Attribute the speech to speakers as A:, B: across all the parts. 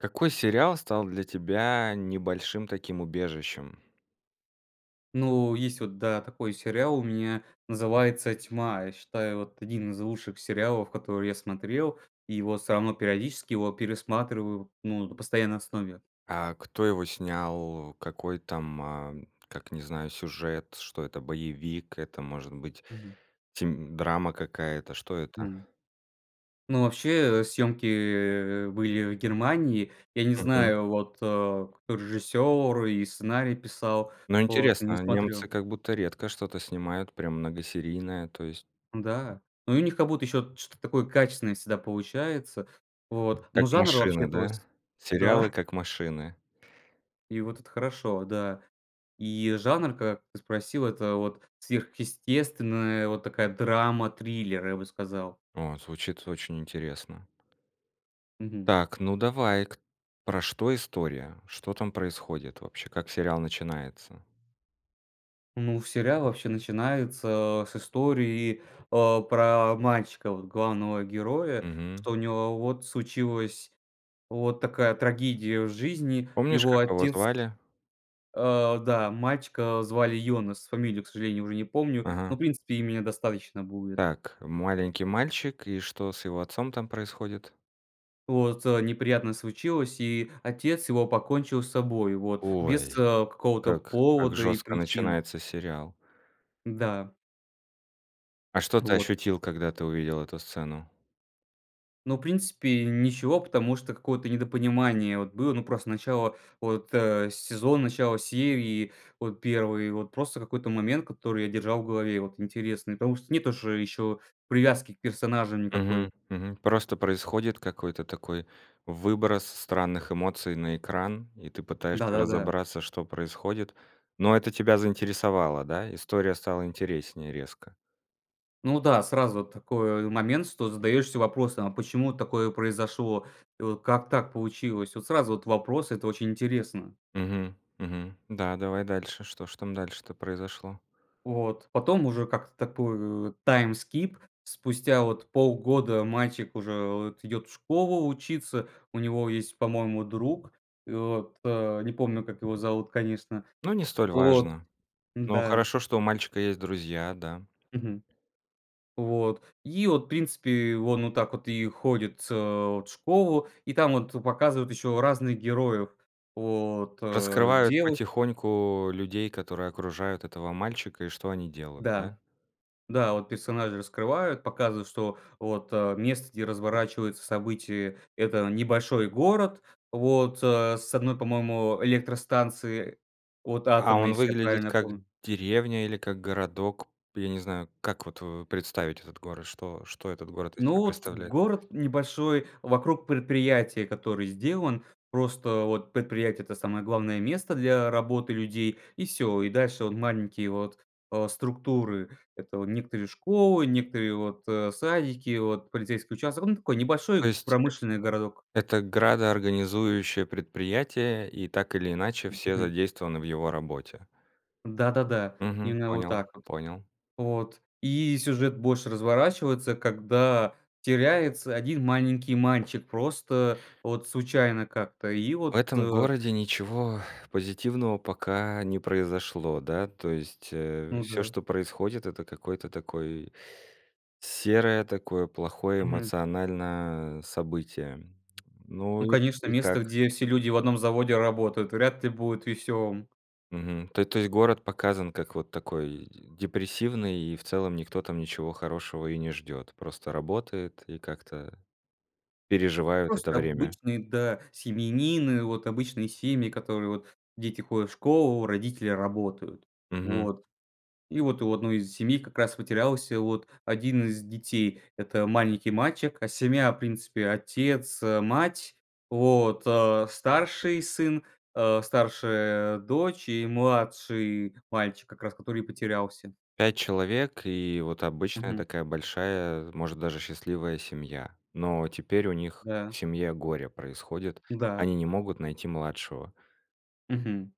A: Какой сериал стал для тебя небольшим таким убежищем?
B: Ну есть вот, да, такой сериал у меня, называется "Тьма". Я считаю, вот один из лучших сериалов, которые я смотрел, его, всё равно, периодически его пересматриваю, ну, на постоянной основе.
A: А кто его снял? Какой там, а, как, не знаю, сюжет? Что это? Боевик? Это может быть
B: Мгм.
A: тем драма какая-то? Что это?
B: Хм. Ну вообще, э, съемки, э, были в Германии, я не
A: Мгм.
B: знаю вот, э, кто режиссер и сценарий писал,
A: Ну
B: вот, не
A: интересно, а, немцы
B: смотрю.
A: как будто редко что-то снимают прям многосерийное, то есть
B: Да, ну и у них как будто еще что-то такое качественное всегда получается. Вот. Но
A: Как
B: жанр вообще
A: машины, да?
B: плось
A: Сериалы,
B: Да.
A: как машины.
B: И вот это хорошо, да. И жанр, как ты спросил, это вот, сверхъестественная вот такая драма-триллер, я бы сказал.
A: О, звучит очень интересно.
B: Мгм.
A: Так, ну давай, кт про что история? Что там происходит? Вообще как сериал начинается?
B: Ну сериал вообще начинается, э, с истории, э, про мальчика вот главного героя,
A: Мгм.
B: что у него вот случилась вот такая трагедия в жизни.
A: Помнишь,
B: Его
A: как его
B: отец
A: звали?
B: А, да, мальчика звали Йонес, фамилию к сожалению уже не помню,
A: Ага.
B: но в принципе имени достаточно будет.
A: Так, маленький мальчик и что с его отцом там происходит?
B: Вот, э, неприятность случилась, и отец его покончил с собой, вот без,
A: Ой,
B: э, какого-то
A: как как
B: повода и
A: жёстко
B: причин.
A: начинается сериал.
B: Да.
A: А что ты
B: Вот.
A: ощутил, когда ты увидел эту сцену?
B: Ну в принципе ничего, потому что какое-то недопонимание вот было. Ну просто начало вот, э, сезона начало серии вот 1 вот просто какой-то момент который я держал в голове и вот интересный. Потому что нет уже, еще привязки к персонажам никакой.
A: Мгм, мгм. Просто происходит какой-то такой выброс странных эмоций на экран и ты пытаешься
B: Да-да-да.
A: разобраться что происходит, но это тебя заинтересовало, да? История стала интереснее резко.
B: Ну да сразу такой момент что задаешься вопросом: "А почему такое произошло вот. Как так получилось?" Вот сразу вот вопрос- это очень интересно!
A: Мгм, мгм. Да, давай дальше. Что ж там дальше-то произошло?
B: Вот. Потом уже как-то такой, э, time skip спустя вот полгода мальчик уже вот идет в школу учиться. У него есть, по-моему, друг и вот, а, не помню как его зовут конечно
A: Ну не столь
B: вот.
A: важно. Ну
B: Да.
A: хорошо, что у мальчика есть друзья, да.
B: Мгм. Вот и вот в принципе он вот так вот и ходит с вот в школу, и там вот показывают еще разных героев. Вот, а,
A: Раскрывают
B: девуш
A: потихоньку людей, которые окружают этого мальчика и что они делают, да?
B: Да, да, вот персонажи раскрывают, показывают, что вот, а, место, где разворачиваются события- это небольшой город, вот, а, с одной, по моему, электростанции вот
A: А
B: атомной,
A: он
B: если я
A: выглядит
B: правильно
A: как
B: помню.
A: деревня или как городок? Я не знаю, как вот, э, представить этот город, что что этот город из
B: Ну
A: себя
B: вот
A: представляет?
B: город небольшой вокруг предприятия, который сделан просто. Вот предприятие- это самое главное место для работы людей и всё, и дальше вот маленькие вот, а, структуры: это вот некоторые школы, некое вот, э, садики, вот полицейский участок. Ну такой
A: То
B: небольшой
A: есть-
B: промышленный городок.
A: это градоорганизующее предприятие и так или иначе все
B: Мгм.
A: задействованы в его работе.
B: Да-да-да
A: Мгм.
B: именно вот
A: Понял,
B: так вот.
A: понял.
B: Вот и сюжет больше разворачивается когда теряется один маленький мальчик просто вот случайно как-то и
A: В
B: вот
A: этом городе ничего позитивного пока не произошло да? То есть, э,
B: Ну
A: всё
B: да.
A: что происходит это какое-то такой серое такое плохое
B: Мгм.
A: эмоциональное событие. Ну
B: Ну
A: и к
B: конечно
A: и
B: место
A: как?
B: где все люди в одном заводе работают вряд ли будет веселым.
A: Мгм. То то есть город показан как вот такой депрессивный и в целом никто там ничего хорошего и не ждет. Просто работают и как-то переживают это
B: Просто
A: время.
B: обычные, да, семьянины, вот обычные семьи, которые вот дети ходят в школу, родители работают.
A: Мгм.
B: Вот. И вот у одной из семей как раз потерялся вот один из детей- это маленький мальчик. А семья в принципе отец, а, мать, вот, а, старший сын, а, старшая дочь и младший мальчик, как раз который и потерялся.
A: 5 человек и вот обычная
B: Мгм.
A: такая большая, может даже счастливая семья, но теперь у них в
B: Да.
A: семье горе происходит,
B: Да.
A: они не могут найти младшего.
B: Мгм.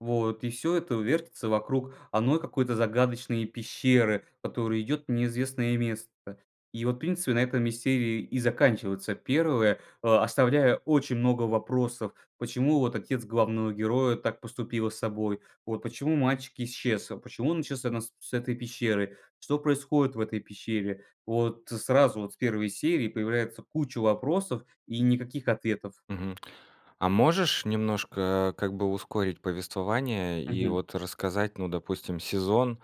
B: Вот и всё это вертится вокруг одной какой-то загадочной пещеры, которая идет в неизвестное место. И вот принципе на этом и серии и заканчивается первое. А оставляя очень много вопросов: почему вот отец главного героя так поступила с собой, вот почему мальчик исчез, почему он исчез именно с с этой пещеры, что происходит в этой пещере. Вот сразу вот с 1 серии появляется куча вопросов и никаких ответов.
A: Мгм. А можешь немножко как бы ускорить повествование и
B: Мгм.
A: вот рассказать, ну допустим, сезон,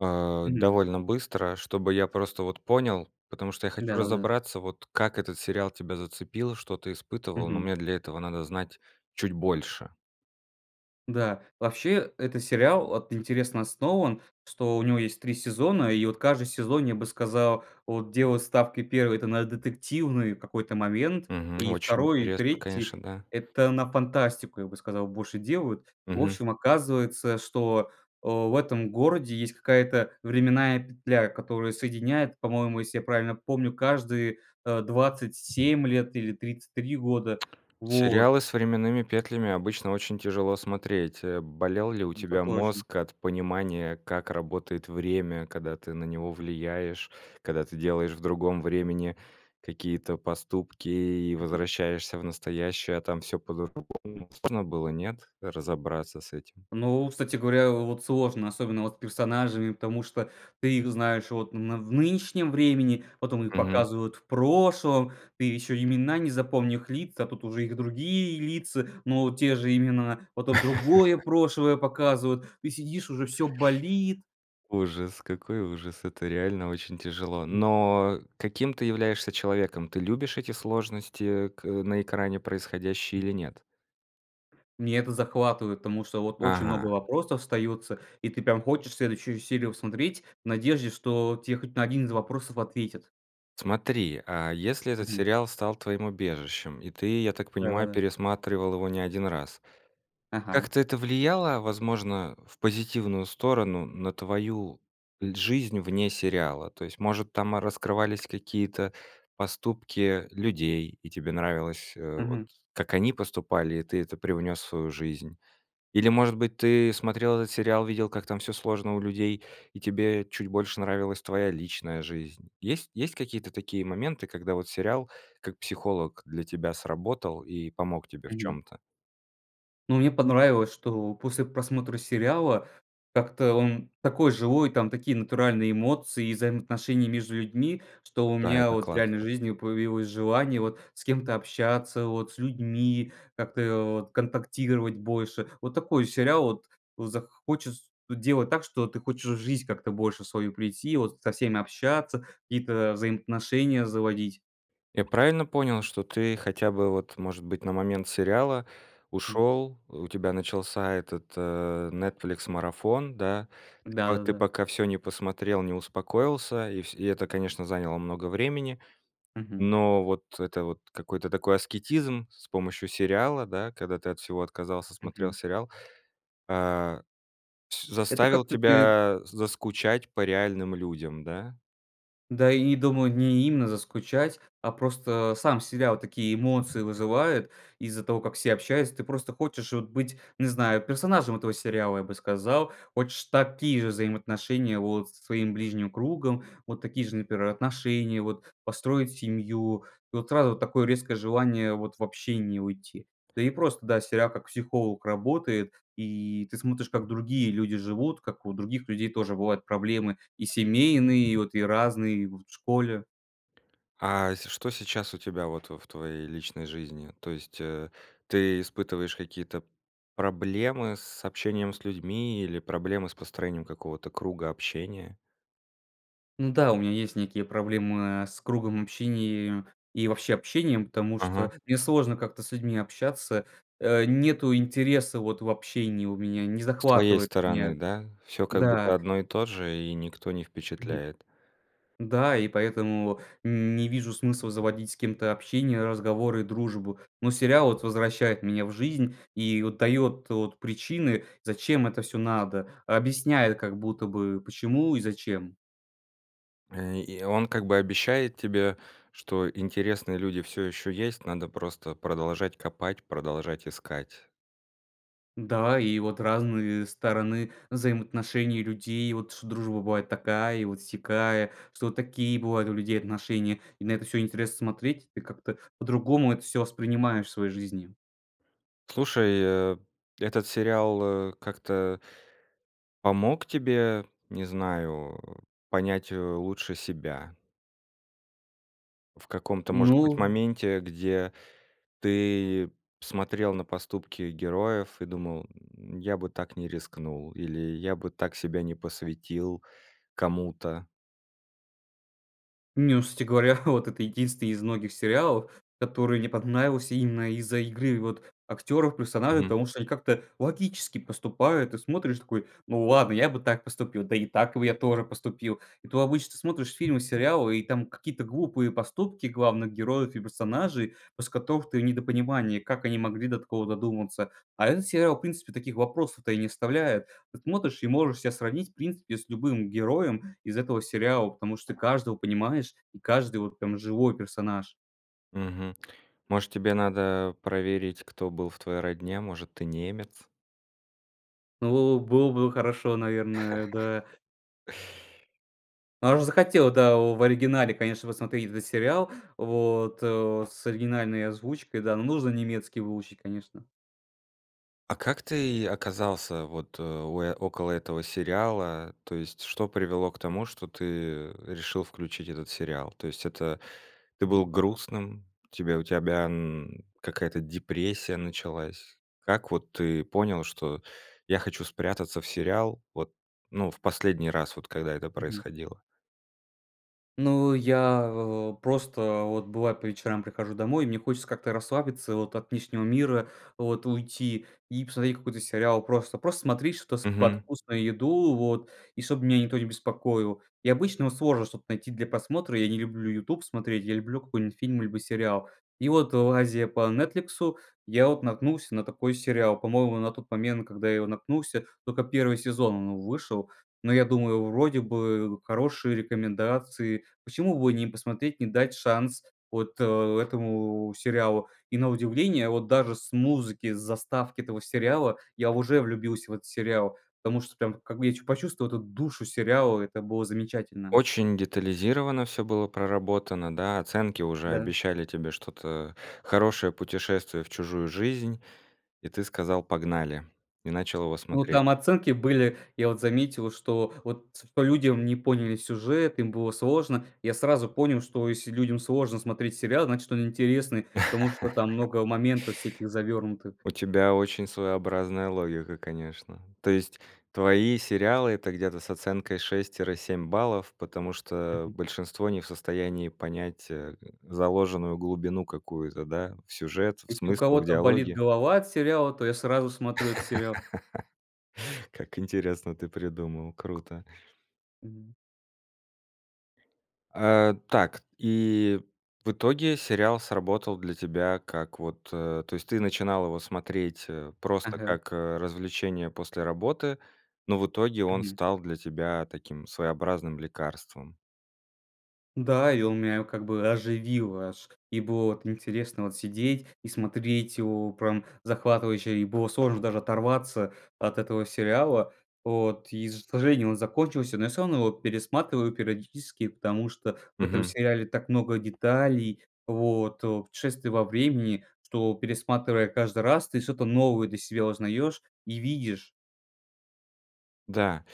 A: э,
B: Мгм.
A: довольно быстро, чтобы я просто вот понял, потому что я хочу
B: Да-да-да.
A: разобраться, вот как этот сериал тебя зацепил, что ты испытывал, но
B: Мгм.
A: мне для этого надо знать чуть больше.
B: Да. Вообще этот сериал вот интересно основан, что у него есть 3 сезона и вот каждый сезон, я бы сказал, вот делал ставки. 1 это на детективный какой-то момент
A: Мгм.
B: и
A: Очень
B: 2 и
A: интересно, конечно,
B: 3
A: да.
B: это на фантастику, я бы сказал, больше делают. В
A: Мгм.
B: общем, оказывается, что, а, в этом городе есть какая-то временная петля, которая соединяет, по-моему, если я правильно помню, каждые, э, 27 лет или 33 года. Вот.
A: Сериалы с временными петлями обычно очень тяжело смотреть. Э. Болел ли у
B: Это
A: тебя
B: точно.
A: мозг от понимания как работает время, когда ты на него влияешь, когда ты делаешь в другом времени какие-то поступки и
B: Мгм.
A: возвращаешься в настоящее, а там всё по-другому. Сложно было, нет? Разобраться с этим.
B: Ну, кстати говоря, вот сложно, особенно вот с персонажами, потому что ты их знаешь вот на в нынешнем времени потом их
A: Мгм.
B: показывают в прошлом. Ты еще имена не запомни лица тут уже их другие лица, но те же имена. Потом другое прошлое показывают. Ты сидишь уже всё болит.
A: Ужас какой ужас, это реально очень тяжело!
B: М.
A: Но каким ты являешься человеком? Ты любишь эти сложности к на экране происходящие
B: М.
A: или нет?
B: Меня это захватывает, потому что вот очень много
A: Ага.
B: вопросов остается и ты там хочешь следующую серию смотреть в надежде что тебе хоть на 1 из вопросов ответят.
A: Смотри, а если этот
B: Мгм.
A: сериал стал твоим убежищем и ты, я так понимаю,
B: Да-да-да.
A: пересматривал его не 1 раз,
B: Ага.
A: как-то это влияло возможно в позитивную сторону на твою жизнь вне сериала? То есть может там раскрывались какие-то поступки людей, и тебе нравилось, э, вот
B: Мгм.
A: как они поступали и ты это привнёс в свою жизнь? Или может быть ты смотрел этот сериал, видел как там всё сложно у людей и тебе чуть больше нравилась твоя личная жизнь? Есть есть какие-то такие моменты, когда вот сериал как психолог для тебя сработал и помог тебе в
B: Мгм.
A: чём-то?
B: Ну мне понравилось, что после просмотра сериала, как-то он такой живой, там такие натуральные эмоции и взаимоотношения между людьми. Что у
A: Да,
B: меня
A: это
B: вот в реальной
A: классно.
B: жизни появилось желание вот с кем-то общаться, вот с людьми, как-то вот контактировать больше. Вот такой сериал вот захочет делать так, что ты хочешь в жизнь как-то больше свою прийти, вот со всеми общаться, какие-то взаимоотношения заводить.
A: Я правильно понял, что ты хотя бы вот может быть на момент сериала ушёл. У тебя начался этот, э, Netflix марафон, да? Ты по ты
B: Да-да-да.
A: пока всё не посмотрел, не успокоился, и вс и это, конечно, заняло много времени,
B: Мгм.
A: но вот это вот какой-то такой аскетизм, с помощью сериала, да, когда ты от всего отказался, смотрел
B: Мгм.
A: сериал, э, с
B: Это
A: заставил
B: как-то. [unintelligible]
A: тебя заскучать по реальным людям, да?
B: Да, и думаю не именно заскучать, а просто сам сериал такие эмоции вызывает из-за того как все общаются. Ты просто хочешь вот быть, не знаю, персонажем этого сериала, я бы сказал. Хочешь такие же взаимоотношения вот со своим ближним кругом, вот такие же например отношения, вот построить семью. Вот сразу такое резкое желание вот в общение уйти. Да и просто, да, сериал как психолог работает, и ты смотришь как другие люди живут, как у других людей тоже бывают проблемы и семейные, и вот разные и вот в школе.
A: А, э, с что сейчас у тебя вот, э, в твоей личной жизни? То есть, э, ты испытываешь какие-то проблемы с общением с людьми или проблемы с построением какого-то круга общения?
B: М-да, у меня есть некие проблемы, э, с кругом общения и и, вообще общением, потому
A: Ага.
B: что, мне сложно как-то с людьми общаться. Э, нету интереса вот в общении у меня, не
A: С твоей
B: захватывает меня,
A: стороны, да? Всё как
B: да.
A: будто одно и то же и никто не
B: Мгм.
A: впечатляет.
B: Да, и поэтому не вижу смысла заводить с кем-то общение, разговоры, дружбу. Но сериал вот возвращает меня в жизнь и вот дает вот причины зачем это всё надо. Объясняет как будто бы почему и зачем.
A: Э, и он как бы обещает тебе, что интересные люди всё ещё есть. Надо просто продолжать копать, продолжать искать.
B: Да, и вот разные стороны взаимоотношений людей. Вот что дружба бывает такая и вот сякая, что вот такие бывают у людей отношения, и на это всё интересно смотреть. Ты как-то по-другому это всё воспринимаешь в своей жизни.
A: Слушай, э, этот сериал, э, как-то помог тебе, не знаю, понять, э, лучше себя? В каком-то может быть
B: Ну
A: моменте, где ты смотрел на поступки героев и думал, м: "Я бы так не рискнул". Или: "Я бы так себя не посвятил кому-то".
B: Не, ну кстати говоря, вот это единственный из многих сериалов, который мне понравился именно из-за игры вот актеров, персонажей,
A: Мгм.
B: потому что они как-то логически поступают. Ты смотришь и такой: "Hу ладно, я бы так поступил, да и так бы я тоже поступил". И тут обычно смотришь фильмы и сериалы и там какие-то глупые поступки главных героев и персонажей, после которых ты в недопонимании, как они могли до такого додуматься. А этот сериал в принципе таких вопросов-то и не оставляет. Вот смотришь и можешь себя сравнить в принципе с любым героем из этого сериала, потому что каждого понимаешь и каждый вот прям живой персонаж.
A: Мгм. Может тебе надо проверить кто был в твоей родне? Может ты немец?
B: Ну, было было бы хорошо, наверное, да. А уж захотел, да, в оригинале конечно посмотреть этот сериал вот, о, с оригинальной озвучкой, да. Но нужно немецкий выучить, конечно.
A: А как ты оказался вот у около этого сериала? То есть что привело к тому, что ты решил включить этот сериал? То есть это ты был
B: Mгм.
A: грустным, у тебя тебя, м, какая-то депрессия началась? Как вот ты понял, что "я хочу спрятаться в сериал", вот, ну, в последний раз, вот когда это
B: Мгм.
A: происходило?
B: Ну, я, а, просто, вот, бывает, по вечерам прихожу домой, мне хочется как-то расслабиться вот, от внешнего мира вот уйти, и посмотреть какой-то сериал. Просто, просто смотреть что-то с под
A: Мгм.
B: вкусную еду вот, и чтобы меня никто не беспокоил. И обычно вот сложно что-то найти для просмотра. Я не люблю "Ютуб" смотреть, я люблю какой-нибудь фильм либо сериал. И вот, лазея по "Нетфликсу", я вот наткнулся на такой сериал. По-моему, на тот момент, когда я его наткнулся, только 1 сезон он вышел. Но я думаю: вроде бы хорошие рекомендации, почему бы не посмотреть, не дать шанс вот, э, этому сериалу? И, на удивление, вот даже с музыки, с заставки этого сериала, я уже влюбился в этот сериал, потому что прям, как бы, я чу почувствовал эту душу сериала, это было замечательно.
A: Очень детализировано всё было проработано, да? Оценки уже
B: Да.
A: обещали тебе что-то хорошее, путешествие в чужую жизнь, и ты сказал: "Погнали", и начал его
B: Ну,
A: смотреть?
B: там оценки были, я вот заметил, что вот св по людям не поняли сюжет, им было сложно. Я сразу понял, что если людям сложно смотреть сериал, значит он интересный, потому что там много моментов всяких завернутых.
A: У тебя очень своеобразная логика, конечно. То есть твои сериалы- это где-то с оценкой 6 тире 7 баллов, потому что
B: Мгм.
A: большинство не в состоянии понять, э, заложенную глубину какую-то, да, в сюжет, в
B: Если у
A: смыслах, в
B: кого-то болит
A: диалоги?
B: голова от сериала, то я сразу смотрю этот сериал.
A: Как интересно ты придумал, круто.
B: Мгм.
A: А, так, и в итоге, сериал сработал для тебя как вот, а то есть ты начинал его смотреть, а просто
B: Ага.
A: как развлечение после работы, но в итоге, он
B: Мгм.
A: стал для тебя таким своеобразным лекарством.
B: Да, и он меня как бы оживил аж. И было вот интересно вот сидеть и смотреть его, прям захватывающе и было, сложно даже оторваться от этого сериала вот, и ж к сожалению он закончился, но я всё равно его пересматриваю периодически. Потому что в этом
A: Мгм.
B: сериале так много деталей, вот путешествий во времени, что пересматривая каждый раз, ты что-то новое для себя узнаешь и видишь.
A: Да,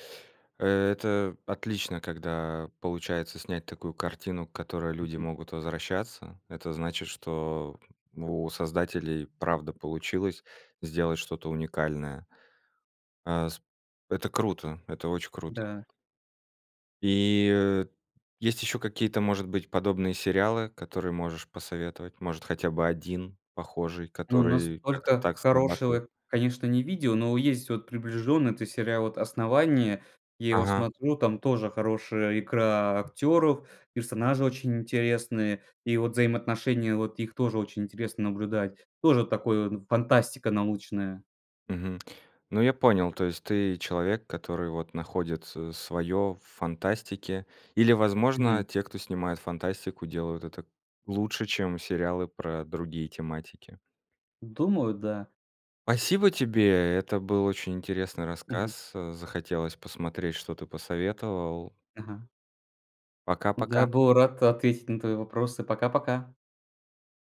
A: это отлично, когда получается снять такую картину, к которой люди
B: Мгм.
A: могут возвращаться. Это значит, что у создателей правда получилось сделать что-то уникальное. А, с Это круто! Это очень круто!
B: Да.
A: И есть еще какие-то может быть подобные сериалы, которые можешь посоветовать, может хотя бы один похожий,
B: Ну
A: который как-то
B: настолько
A: так срабатывает?
B: хорошего, конечно, не видел, но есть вот приближенный. Это сериал вот "Основание". Я его
A: Ага.
B: смотрю, там тоже хорошая игра актеров, персонажи очень интересные и вот взаимоотношения вот их тоже очень интересно наблюдать. Тоже такой он фантастика научная.
A: Мгм. Ну я понял, то есть ты человек который вот находит с своё в фантастике или возможно,
B: Мгм.
A: те кто снимают фантастику делают это лучше чем сериалы про другие тематики.
B: Думаю, да.
A: Спасибо тебе, это был очень интересный
B: Мгм.
A: рассказ. Захотелось посмотреть, что ты посоветовал.
B: Ага. Я
A: Пока-пока!
B: был рад ответить на твои вопросы. Пока-пока.